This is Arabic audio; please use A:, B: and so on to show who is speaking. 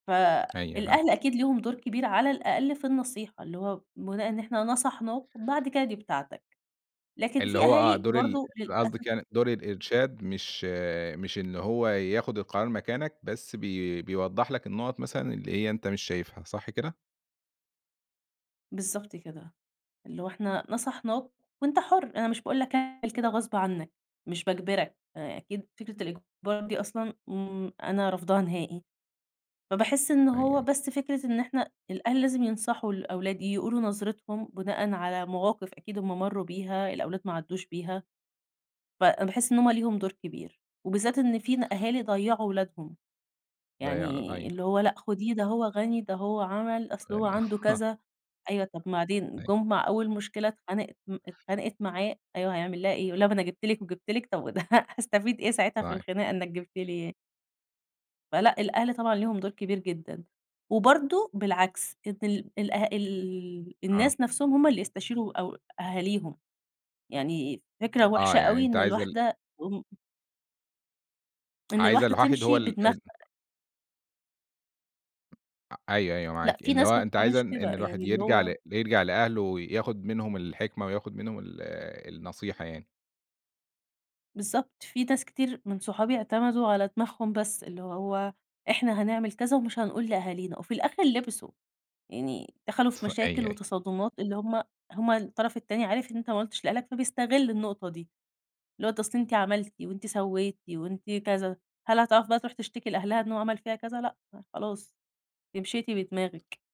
A: ف
B: أيوه فعلًا.
A: الأهل أكيد ليهم دور كبير على الأقل في النصيحة، اللي هو بناءً إن إحنا نصحناك بعد كده دي بتاعتك، لكن
B: اللي
A: في
B: هو آه،
A: أهالي
B: دور ال
A: برضه للأسف
B: قصدِك يعني دور الإرشاد مش مش إن هو يأخد القرار مكانك بس بي بيوضّح لك النقط مثلًا اللي هي أنت مش شايفها، صح كده؟
A: بالضبط كده، اللي إحنا نصحناك، وأنت حُر، أنا مش باقول لك كده غصب عنّك مش باجبرك، أكيد فكرة الإجبار دي أصلًا إمم، أنا رفضاها نهائي، فباحِس إنه
B: أيوه،
A: هو
B: أيوه.
A: بس فكرة إن إحنا الأهل لازم ينصحوا الأولاد، يقولوا نظرتهم بناءً على مواقِف أكيد هُم مَرّوا بيها، الأولاد ما عدّوش بيها، فباحِس إن هُم ليهم دور كبير، وبالذات إن فينا أهالي ضيّعوا ولادهم،
B: ضيّيع له
A: يعني
B: أيوه.
A: اللي هو لأ خُديه ده هو غني، ده هو عمَل، أصل هو
B: يعني
A: عنده
B: آه.
A: كذا، أيوه طَب بعدين
B: أيوه.
A: جُم مع أول مشكلة اتخانق م اتخانقت معاه أيوه هيعمل لها إيه يقُول لها ما أنا جبت لك وجبت لك، طيب هأستفيد إيه ساعتها في
B: صحيح.
A: الخناقة إنك جبت لي ي فلأ، الأهل طبعًا ليهم دور كبير جدًا، وبرضه بالعكس إن ال الأه ال
B: آه.
A: الناس نفسهم هُم اللي يستشيروا أو أهاليهم، يعني فكرة
B: آه
A: وحشة
B: يعني
A: أوي
B: أنت
A: إن
B: عايز ال
A: الواحدة م إن
B: عايزة
A: الواحدة
B: الواحد هو
A: تمشي
B: ال
A: بدماغها.
B: ال آآ، أيوه، أيوه،
A: لأ
B: معاكِ
A: في
B: اللي هو
A: ناس ما
B: أنتِ عايزة
A: بتعملش كده،
B: إن الواحد
A: يعني اللي
B: يرجع
A: هو
B: ل يرجع لأهله وياخد منهم الحكمة وياخد منهم ال النصيحة يعني.
A: بالضبط في ناس كتير من صحابي اعتمدوا على دماغهم بس، اللي هو إحنا هنعمل كذا ومش هنقول لأهالينا، وفي الأخر لبسوا، يعني دخلوا في
B: أيوه،
A: مشاكل
B: أيوه.
A: وتصادمات اللي هُم هُم الطرف التاني عارف إن أنت ما قُلتش لأهلك فبيستغل النقطة دي، اللي هو أصل أنت عملتِ وأنتِ سوّيتِ وأنتِ كذا، هل هتعرف بقى تروح تشتكي لأهلها إن هو عمل فيها كذا؟ لأ خلاص ل أنتِ مشيتِ بدماغِك.